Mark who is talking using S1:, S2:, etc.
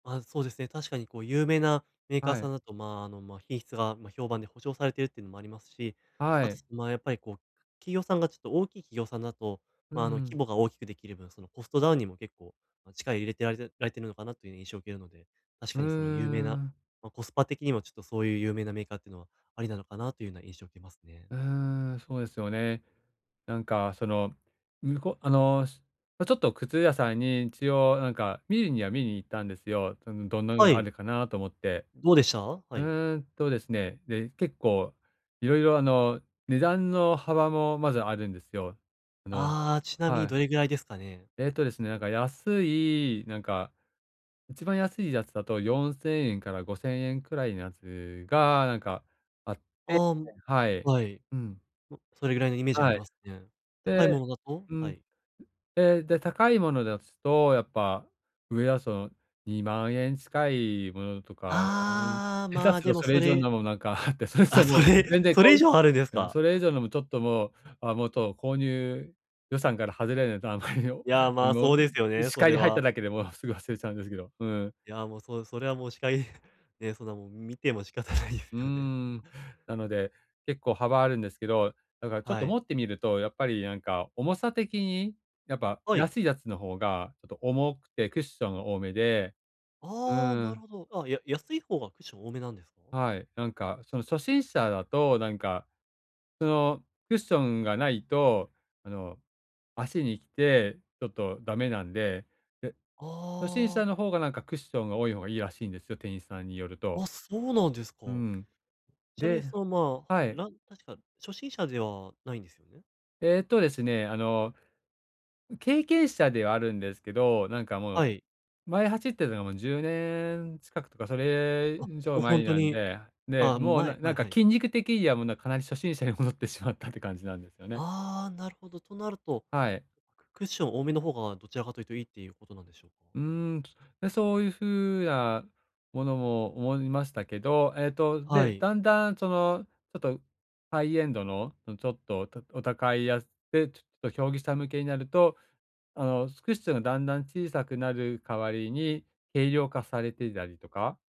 S1: あ、そうですね。確かにこう、有名なメーカー
S2: は
S1: さん
S2: い。
S1: だと、まあ、あの、ま、品質が、ま、評判で保証されてるっていうのもありますし、
S2: は
S1: あと、
S2: い。
S1: そまあ、やっぱりこう、企業さんがちょっと大きい企業さんだと、
S2: うー
S1: まあ、あの、規
S2: ん。
S1: 模が大きくできる分、その、コストダウンにも結構、ま、力入れてられるられてるのかなという印象を受けるので、確
S2: うー
S1: かにその有名な、
S2: ん。
S1: ま、コスパ的にもちょっとそういう有名なメーカーっていうのはありなのかなというような印象を受けますね。
S2: うーん、そうですよね。なんかその、むこあの、すあ、ちょっと靴屋さんに、一応なんか見るには見に行ったんですよ、うん、どんなの
S1: は
S2: があ
S1: い。
S2: るかなと思って。
S1: どうでした？は
S2: う
S1: い。
S2: ーんとですね、で、結構色々、あの、値段の幅もまずあるんですよ、あの
S1: ああ、ちなみ
S2: は
S1: に
S2: い。
S1: どれぐらいですかね？
S2: えっとですね、だから安い、なんか一番安いやつだと4000円から5000円くらいのやつがなんかあって
S1: ああ、ん、
S2: はい。
S1: はい。
S2: うん。
S1: も、それぐらいのイメージあり
S2: はい。
S1: ますね。高
S2: で
S1: いものだと？
S2: う
S1: は
S2: ん、
S1: い。
S2: ええ、で、高いものだつと、やっぱ、上はその、20000円近いものとか、ああい、
S1: ああ、
S2: 下
S1: ま
S2: 手
S1: あ、
S2: すると
S1: でも
S2: それ
S1: そ
S2: 以上
S1: れ
S2: のもなんかあって、それ、そ
S1: あ、
S2: う、も
S1: そ
S2: う、
S1: れ
S2: 全然
S1: そ
S2: こ
S1: れ以
S2: う
S1: 上あるんです
S2: うん、
S1: か？
S2: それ以上でもちょっともう、あ、もっと購入予算から外れるのと、あまりにん、
S1: いや、まあ、
S2: もう、
S1: そうですよ
S2: ん、
S1: ね、
S2: 視
S1: そ
S2: 界
S1: れ
S2: に入った
S1: は。
S2: だけで、もう、すぐ忘れちゃうんですけど、うん。
S1: いや、もうそう、それはもう視界にね、そんなもう、見ても仕方ないです
S2: うー
S1: よね。
S2: ん、なので、結構幅あるんですけど、だからちょっ
S1: は
S2: と持
S1: い。
S2: ってみると、やっぱりなんか重さ的に、やっぱ
S1: はい。
S2: 安いやつの方がちょっと重くてクッション多めで、う
S1: ああ、
S2: ー
S1: なる
S2: ん。
S1: ほど。あ、や安い方がクッション多めなんですか？
S2: はい、なんかその、初心者だとなんかその、クッションがないと、あの、足にきてちょっとダメなんで、で、初心
S1: あ
S2: 者
S1: あ。
S2: の方がなんか、クッションが多い方がいいらしいんですよ、店員さんによると。
S1: あ、そうなんですか。
S2: うん、
S1: ちなみに
S2: で
S1: その、ま、
S2: はい。
S1: なん確か初心者ではないんですよね？
S2: えっとですね、あの、ん、経験者ではあるんですけど、なんかも
S1: は
S2: う、
S1: い。
S2: 前走ってたのが10年近くとかそれ
S1: あ、
S2: 以上
S1: もうほ
S2: 前
S1: んと
S2: なん
S1: に、
S2: で、で、
S1: ああ、
S2: もう、
S1: 前
S2: なな
S1: 前、
S2: んか
S1: はい。
S2: 筋肉的にはもう、な、かなり初心者に戻ってしまったって感じなんですよね。
S1: ああ、なるほど。となると、
S2: はい。
S1: くクッション多めの方がどちらかというといいっていうことなんでしょうか？
S2: うーん、で、そういう風なものも思いましたけど、えっと、
S1: は
S2: で、
S1: い。
S2: だんだん、ちょの、ちょっとハイエンドの、その、ちょっと、おたお高いやつでちょっと競技者向けになると、あの、すクッションがだんだん小さくなる代わりに軽量化されていたりとか